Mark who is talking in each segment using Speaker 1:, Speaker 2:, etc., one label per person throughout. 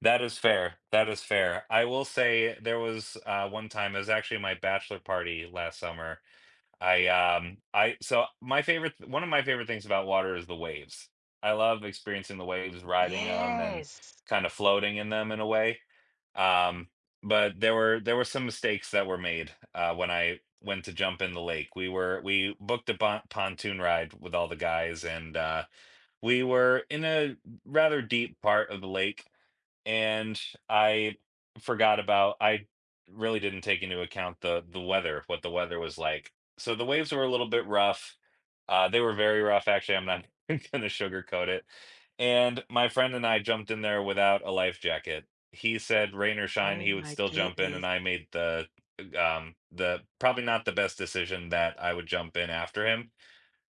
Speaker 1: That is fair that is fair, I will say there was, uh, one time, it was actually my bachelor party last summer, I, um I so, my favorite one of my favorite things about water is the waves. I love experiencing the waves, riding 'em, and
Speaker 2: Yes.
Speaker 1: kind of floating in them in a way. Um, but there were there were some mistakes that were made, uh, when I went to jump in the lake. We were we booked a bon pontoon ride with all the guys, and, uh, we were in a r rather deep part of the lake, and I forgot about I really didn't take into account the the weather, what the weather was like, so, the waves were a little bit rough uh, they were very rough, actually, I'm not even gonna sugarcoat it. And my friend and I jumped in there without a life jacket. He said, "Rain or shine,"
Speaker 2: Oh
Speaker 1: he would
Speaker 2: my
Speaker 1: still jump in, and
Speaker 2: goodness.
Speaker 1: I made the, um, the, probably not the best decision that I would jump in after him,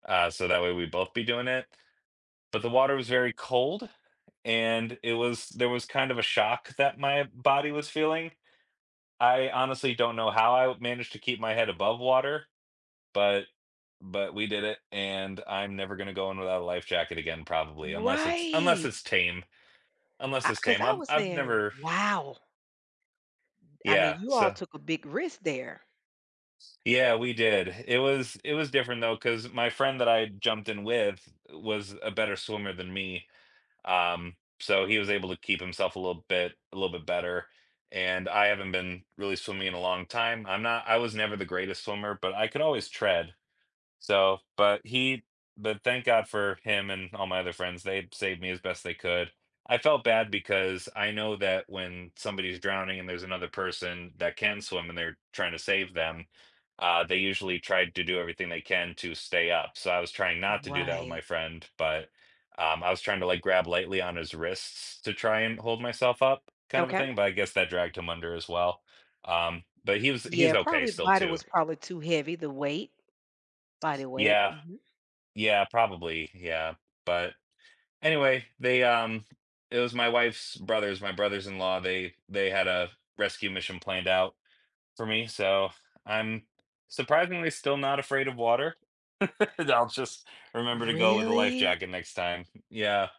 Speaker 1: uh, so that way we'd both be doing it, but the water was very cold, and it was, there was kind of a shock that my body was feeling. I honestly don't know how I managed to keep my head above water, but but we did it, and I'm never gonna go in without a life jacket again, probably, unless it's unless
Speaker 2: Right.
Speaker 1: it's tame unless
Speaker 2: I
Speaker 1: it's
Speaker 2: 'cause
Speaker 1: tame,
Speaker 2: I
Speaker 1: I've
Speaker 2: was
Speaker 1: I've
Speaker 2: saying,
Speaker 1: never
Speaker 2: "Wow." I mean,
Speaker 1: Yeah,
Speaker 2: you all
Speaker 1: so
Speaker 2: took a big risk there.
Speaker 1: Yeah, we did, it was it was different though, 'cause my friend that I jumped in with was a better swimmer than me, um, so he was able to keep himself a little bit a little bit better, and I haven't been really swimming in a long time. I'm not I was never the greatest swimmer, but I could always tread, so but he but thank god for him and all my other friends, they saved me as best they could. I felt bad because I know that when somebody is drowning, and there's another person that can swim, and they're trying to save them, uh, they usually tried to do everything they can to stay up, so I was trying not to do that with my
Speaker 2: Right.
Speaker 1: friend, but, um, I was trying to like grab lightly on his wrists to try and hold myself up, kind of a
Speaker 2: Okay.
Speaker 1: thing, but I guess that dragged him under as well, um, but he was he was
Speaker 2: Yeah,
Speaker 1: okay
Speaker 2: probably the
Speaker 1: still
Speaker 2: body
Speaker 1: too.
Speaker 2: was probably too heavy, the weight body weight,
Speaker 1: Yeah
Speaker 2: mhm.
Speaker 1: yeah, probably, yeah, but anyway, they, um it was my wife's brothers my brothers-in-law, they they had, uh, rescue mission planned out for me, so, I'm surprisingly still not afraid of water. I'll just remember to go with a life
Speaker 2: Really?
Speaker 1: jacket next time, yeah.